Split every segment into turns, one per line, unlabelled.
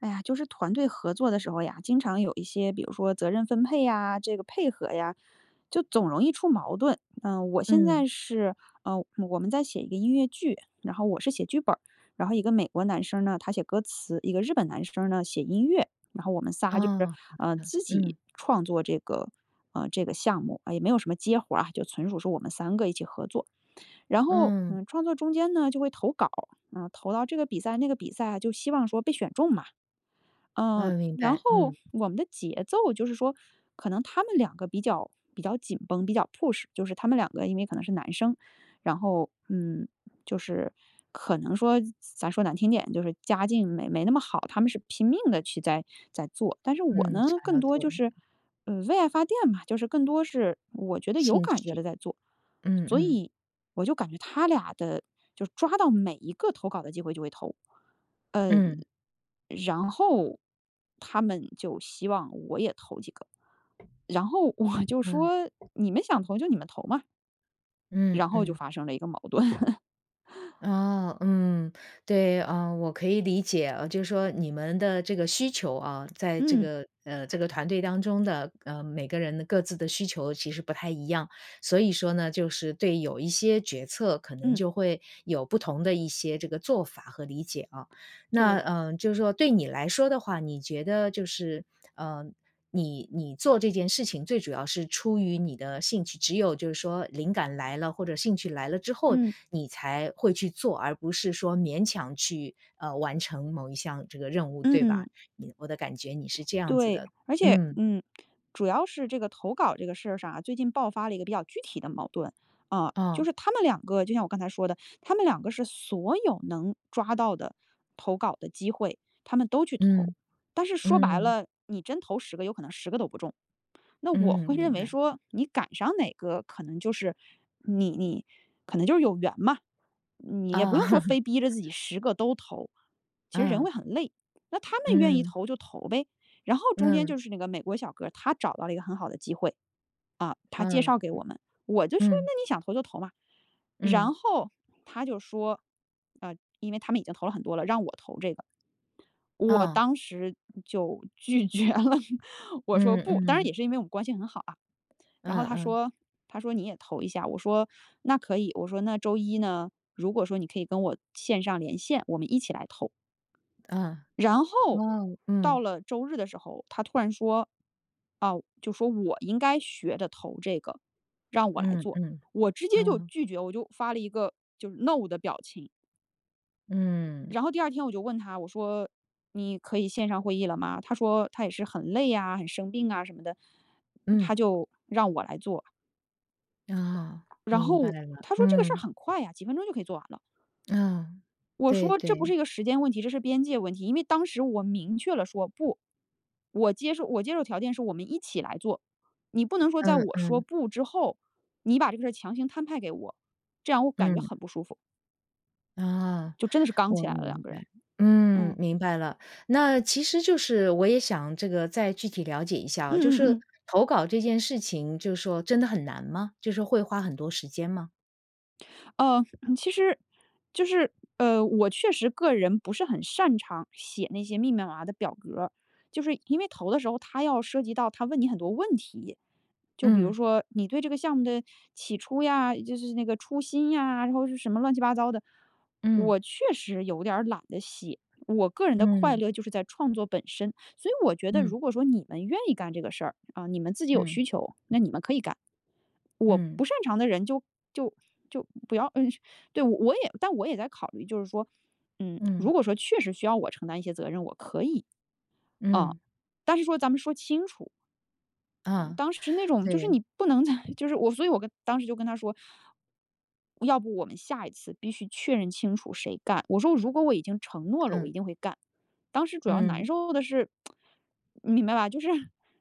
哎呀，就是团队合作的时候呀，经常有一些比如说责任分配呀，这个配合呀，就总容易出矛盾。呃，我现
嗯。
在是呃，我们在写一个音乐剧，然后我是写剧本儿，然后一个美国男生呢他写歌词，一个日本男生呢写音乐。然后我们仨就是，
哦，好
呃，
的，
自己
嗯。
创作这个呃，这个项目。啊，也没有什么接活儿啊，就纯属说我们三个一起合作。然后，
嗯。
嗯，创作中间呢就会投稿，呃，投到这个比赛那个比赛，就希望说被选中嘛。呃，
嗯，明
然后
白，嗯。
我们的节奏，就是说可能他们两个比较比较紧绷，比较 push 就是他们两个因为可能是男生。然后，嗯，就是可能说，咱咱说难听点，就是家境没没那么好，他们是拼命地去在在做。但是我
嗯，
呢，
想
更
要
多
做
就
的，嗯。
是，呃，为爱发电吧，就是更多是我觉得有
兴
感觉
趣，
地在做。
嗯
所
嗯。
以，我就感觉他俩的就抓到每一个投稿的机会就会投，
嗯。
呃，然后他们就希望我也投几个，然后我就
嗯。
说：“你们想投，就你们投嘛。”
嗯
然后就
嗯。
发生了一个矛盾。
哦，嗯，对。呃，我可以理解，呃，就说你们的这个需求啊，在这
嗯。
个呃，这个团队当中的，呃，每个人的各自的需求其实不太一样。所以说呢，就是对有一些决策，可能
嗯。
就会有不同的一些这个做法和理解啊。那，
对。
呃，就是说对你来说的话，你觉得就是，呃，你你做这件事情最主要是出于你的兴趣只有就是说灵感来了，或者兴趣来了之后，
嗯。
你才会去做，而不是说勉强去，呃，完成某一项这个任务，
嗯
对吧？
嗯。
你我的感觉你是这样子
对，
的，
而且，
嗯
嗯，主要是这个投稿儿这个事儿上啊，最近爆发了一个比较具体的矛盾。啊，就
哦。
是他们两个就像我刚才说的，他们两个是所有能抓到的投稿的机会他们都去投。
嗯，
但是说白
嗯。
了，你真投10个有可能10个都不中。那我
嗯，
会认
明
为
白。
说，你赶上哪个可能就是你你可能就是有缘嘛。你也不用
啊。
说 非逼着自己10个都投，其实人会
嗯。
很累，那他们愿意
嗯。
投就投呗。然后中间就
嗯。
是那个美国小哥儿，他找到了一个很好的机会，啊，他介
嗯，
绍给我们，我就说：
嗯。
“那你想投就投嘛。”
嗯。
然后他就说，呃，因为他们已经投了很多了，让我投这个。我
啊。
当时就拒绝了，我说：
嗯
“不。”当然也
嗯。
是因为我们关系很好啊，然后
嗯
他
嗯。
说他说：“你也投一下。”我说：“那可以，”我说，“那周一呢，如果说你可以跟我线上连线，我们一起来投。”
嗯。
然后，
哇，
到
嗯。
了周日的时候，他突然说，啊，就说我应该学着投这个，让我来
嗯
做。
嗯，
我直接就
哦。
拒绝，我就发了一个就是 no 的表情。
嗯。
然后第二天我就问他，我说你可以线上会议了吗？他说他也是很累啊，很生病啊什么的，
嗯。
他就让我来做。
啊，
然
明白
后
了，
他说这个事儿
嗯。
很快呀，几分钟就可以做完了。
嗯，
我
对
说这不
对。
是一个时间问题，这是边界问题，因为当时我明确了说不。我接受我接受条件是我们一起来做，你不能说在
嗯
我说
嗯。
不之后，你把这个事儿强行摊派给我，这样我感觉
嗯。
很不舒服。
啊，
就真的是刚
我
起来了两
明
个人，
白。嗯，
嗯。
明白了。那其实就是我也想这个再具体了解一下
嗯
啊，就
嗯
是
嗯。
投稿这件事情就是说真的很难吗？就是说会花很多时间吗？
呃，其实就是，呃，我确实个人不是很擅长写那些密密麻麻的表格。就是因为投的时候他要涉及到他问你很多问题，就比如
嗯。
说你对这个项目的起初呀，就是那个初心呀，或者是什么乱七八糟的。
嗯。
我确实有点儿懒得写，我个人的快
嗯。
乐就是在创作本身。所以我觉得
嗯。
如果说你们愿意干这个事儿，啊，你们自己有
嗯。
需求，那你们可以干。我
嗯。
不擅长的人就就就不要呃对，我也但我也在考虑就是说，嗯，如
嗯。
果说确实需要我承担一些责任，我可以，哦。
嗯。
但是说咱们说清楚。嗯，
嗯，
当时那种，就是
对。
你不能 就是我所以我跟当时就跟他说：“要不我们下一次必须确认清楚谁干，”我说，“如果我已经承诺了，我
嗯。
一定会干。”当时主要难
嗯。
受的是，你明白吧，就是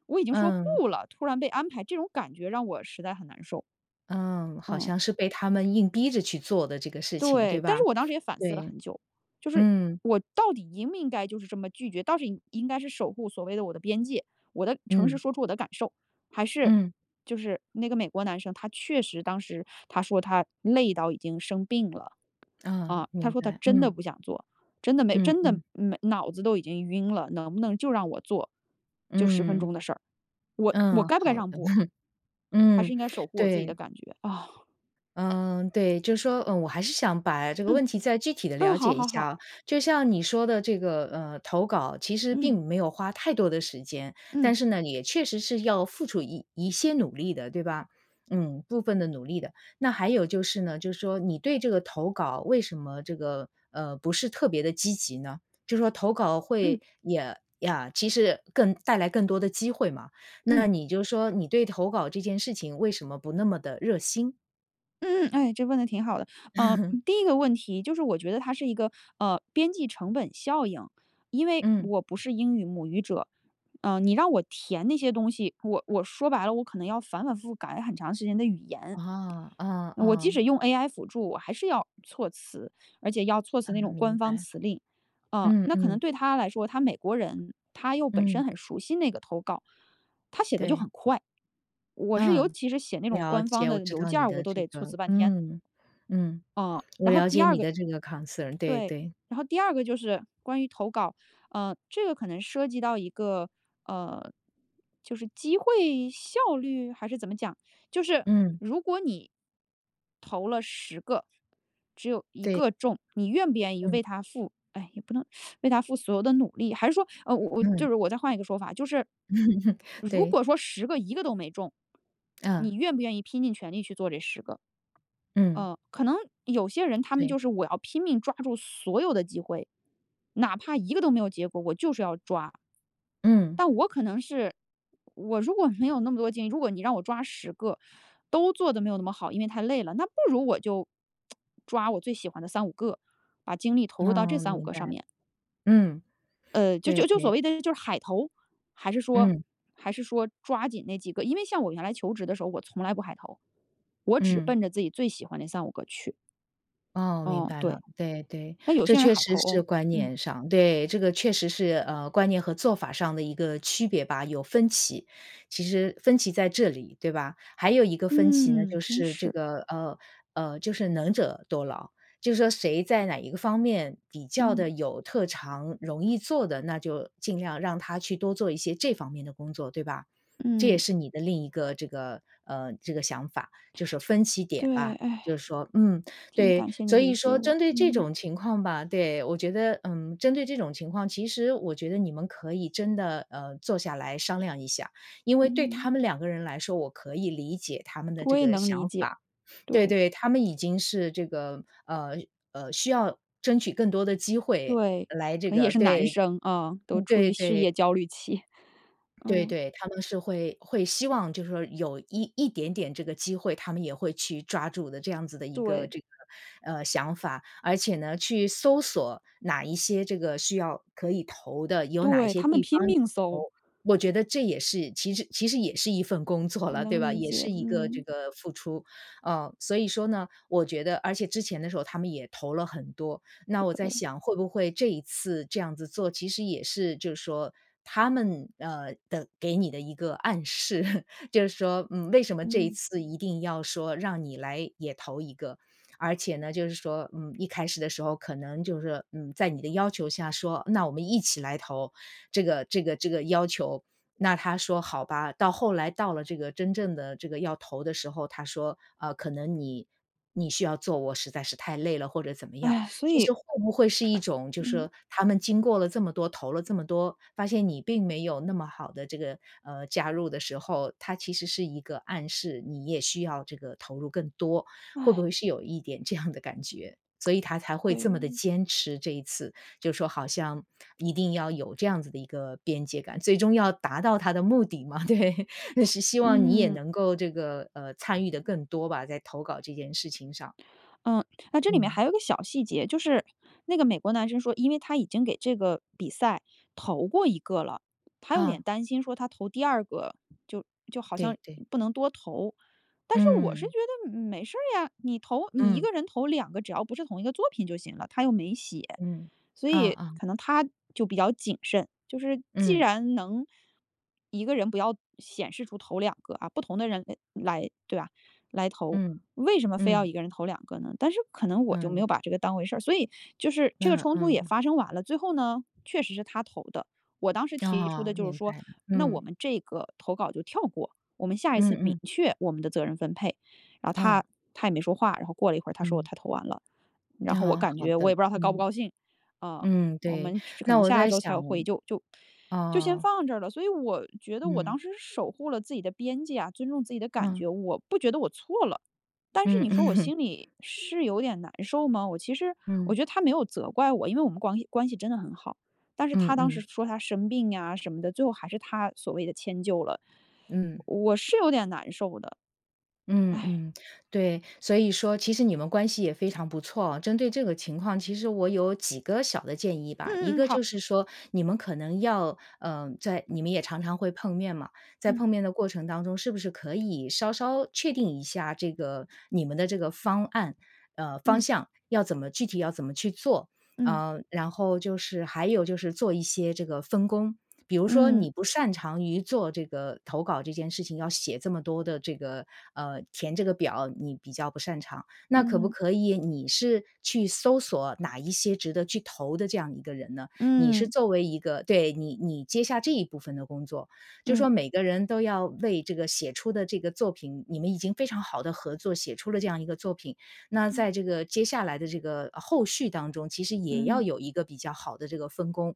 我已经说
嗯。
不了，突然被安排，这种感觉让我实在很难受。
嗯，好
嗯。
像是被他们硬逼着去做的这个事情，
对，
对
但是
吧？
我当时也反思了
对。
很久。就是
嗯。
我到底应不应该就是这么拒绝，到底应该是守护所谓的我的边界，我的诚实
嗯。
说出我的感受，还是
嗯。
就是那个美国男生，他确实当时他说他累到已经生病了，
嗯，
啊，他
明
说他
白，
真的
嗯。
不想做，真的没
嗯
真的
嗯。
没脑子都已经晕了，能不能就让我做，就10分
嗯。
钟的事儿，我我
嗯，
该不该
好的。
让步？还是
嗯，
应该守护我自己的
对。
感觉？
嗯，对。就说，呃，我还是想把这个
嗯。
问题再具体地
嗯，
了
好
解一
好
下
好。
啊。就像你说的这个，呃，投稿其实
嗯。
并没有花太多的时间。
嗯。
但是呢，也确实是要付出一一些努力的，对吧？嗯，部分的努力的。那还有就是呢，就是说你对这个投稿，为什么这个，呃，不是特别地积极呢？就说投稿
嗯。
会也呀，其实更带来更多的机会嘛，
嗯。
那你就说你对投稿这件事情，为什么不那么地热心？
嗯嗯，哎，这问得挺好的。呃，第一个问题就是我觉得它是一个，呃，边际成本效应，因为
嗯。
我不是英语母语者。呃，你让我填那些东西，我我说白了，我可能要反反复复改很长时间的语言。
啊，嗯
我即
嗯。
使用 AI 辅助，我还是要措辞，而且要措辞那
嗯，
种
明
官方
白。
辞令。啊，
嗯
那可能
嗯。
对他来说，他美国人，他又本
嗯。
身很熟悉那个投稿，他写得就
对。
很快。我是尤
啊，
其是写那种
了
官方
解，我
的
知
邮
道
件
你
儿，我
的
都
这
得措辞
个
半天。
嗯，嗯，
嗯，
我
然后
了
第
解
二
你
个
的这个 concern，对
对。
对。
然后第二个就是关于投稿，呃，这个可能涉及到一个，呃，就是机会效率还是怎么讲？就是
嗯。
如果你投了10个，只有1
对。
个中，你愿不愿意为
嗯。
它付唉，也不能 为它付所有的努力，还是说，呃，我我就
嗯。
是我再换一个说法，就是，如
对。
果说10个1个都没中，
嗯。
你愿不愿意拼尽全力去做这10个？
嗯。
呃，可能有些人他们就
对。
是我要拼命抓住所有的机会，哪怕一个都没有结果，我就是要抓。
嗯。
但我可能是，我如果没有那么多精力，如果你让我抓10个都做得没有那么好，因为太累了。那不如我就 抓我最喜欢的3、5个，把精力投入到这
啊，
3、5
明
个
白。
上面。
嗯，
呃，就
对
就就所
对。
谓的就是海投，还是说
嗯。
还是说抓紧那几个。因为像我原来求职的时候，我从来不海投，我只
嗯。
奔着自己最喜欢那3、5个去。
哦，明
哦，
白
对。
了，对对。
但有
这
些人
确
海
实
投
是
哦。
观
嗯。
念上对，这个确实是，呃，观念和做法上的一个区别吧，有分歧。其实分歧在这里，对吧。还有一个分歧呢，
嗯，
就
真
是这
是。
个，呃呃，就是能者多劳。就是说谁在哪一个方面比较地
嗯。
有特长，容易做的，那就尽量让他去多做一些这方面的工作，对吧？这也
嗯。
是你的另一个这个呃这个想法，就是说分歧点
对，
吧。就是说嗯，
挺
对，
感谢你
所
理
以
解
说
我，
针对这
嗯。
种情况吧对，我觉得，嗯，针对这种情况，其实我觉得你们可以真的，呃，坐下来商量一下。因为对
嗯。
他们两个人来说，我可以理解他们的
我
这
也
个
能理
想
解，
法。对
对。
对，他们已经是这个呃，呃，需要争取更多的机会
对，
来这
可能也
个
是男
对，
生，啊，都处
对
于事
对。
业焦虑期。
对
嗯。
对，他们是会会希望就是说有一一点点这个机会，他们也会去抓住的这样子的一个
对。
这个，呃，想法。而且呢，去搜索哪一些这个需要可以投的，有哪一
对，
些
他们
地
拼
方也
命
投，
搜。
我觉得这也是其实其实也是一份工作
我
了，对
能
吧，
理
也是
解，
一个这
嗯。
个付出。呃，所以说呢，我觉得而且之前的时候他们也投了很多，那我在
对。
想会不会这一次这样子做其实也是就是说他们，呃，的给你的一个暗示。就是说，嗯，为什么这一
嗯。
次一定要说让你来也投一个，而且呢，就是说，嗯，一开始的时候可能就是，嗯，在你的要求下说，那我们一起来投这个这个这个要求。那他说：“好吧。”到后来到了这个真正的这个要投的时候，他说：“啊，可能你你需要做，我实在是太累了。”或者怎么样。
哎，所
其
以
实会不会是一种就是
嗯。
说他们经过了这么多、投了这么多，发现你并没有那么好地这个呃，加入的时候，他其实是一个暗示，你也需要这个投入更多。会不 会是有一点这样的感觉。所以他才会这么地
对。
坚持这一次，就是说好像一定要有这样子的一个边界感，最终要达到他的目的嘛，对。那是希望你也
嗯。
能够这个呃，参与得更多吧，在投稿这件事情上。
嗯，那这里面
嗯。
还有一个小细节，就是那个美国男生说，因为他已经给这个比赛投过一个了。他有点
啊。
担心说他投第2个就就好
对
像
对。
不能多投。但是我是觉
嗯。
得嗯，没事儿呀，你投你一
嗯。
个人投2个，只要不是同一个作品就行了，它又没写。
嗯，
所
啊
以
啊。
可能他就比较谨慎，就是既
嗯。
然能一个人不要显示出投2个啊，不同的人哎来对吧，来投，
嗯，
为什么非要
嗯。
一个人投2个呢？但是可能我就没
嗯。
有把这个当回事儿，所以就是这个
那
冲突也
嗯。
发生完了，最后呢，确实是他投的。我当时提出的
哦，
就是
明
说
白了，
那我
嗯。
们这个投稿就跳过，我们下一
嗯
次明
嗯。
确我们的责任分配，然后
啊。
他他也没说话。然后过了一会儿，他说
嗯。
他投完了，然后我
啊，
感
好
觉我
的，
也不知道他高不
嗯。
高兴。啊，
嗯，
我
对。
们可
那
能
我
下
在
周才
想
有
哦
会议就就就先
哦。
放这了。所以我觉得我
嗯。
当时是守护了自己的边界啊，尊重自己的感
嗯。
觉。我不觉得我错了，但是
嗯
你说我
嗯。
心里是有点难受吗？我其实我
嗯。
觉得他没有责怪我，因为我们光关系真的很好，但是
嗯
他当时
嗯。
说他生病呀什么的，最后还是他所谓地迁就了。
嗯。
我是有点难受的。
嗯 嗯，对。所以说其实你们关系也非常不错，针对这个情况，其实我有几个小的建议吧。一
嗯嗯嗯，
个
好。
就是说你们可能要呃，在你们也常常会碰面嘛，在
嗯。
碰面的过程当中，是不是可以稍稍确定一下这个你们的这个方案呃，方
嗯。
向要怎么具体要怎么去做。
嗯。
呃，然后就是还有就是做一些这个分工。比如说
嗯。
你不擅长于做这个投稿这件事情，要写这么多的这个呃，填这个表你比较不擅长。那可不
嗯。
可以你是去搜索哪一些值得去投的这样一个人呢，你是
嗯。
作为一个对，你你接下这一部分的工作。就是
嗯。
说每个人都要为这个写出的这个作品你们已经非常好地合作，写出了这样一个作品。那
嗯。
在这个接下来的这个后续当中，其实也要
嗯。
有一个比较好的这个分工。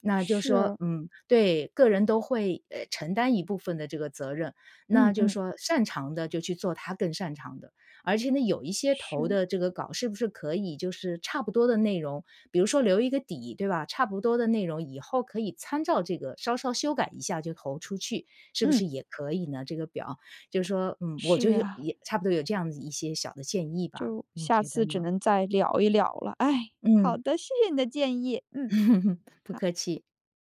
那就是说，
是。
嗯，对，个人都会，哎承担一部分的这个责任。
嗯
那就是
嗯。
说擅长的就去做他更擅长的，而且呢，有一些投
是。
的这个稿是不是可以就是差不多的内容，比如说留一个底，对吧？差不多的内容以后可以参照这个稍稍修改一下就投出去，是不是
嗯。
也可以呢这个表。就是说，嗯，我
是
就是说
啊。
也差不多有这样子的一些小的建议吧，
就
你
下
觉得
次只
呢？
能再聊一聊了。哎，好
嗯。
的，谢谢你的建议。嗯。
不
好。
客气。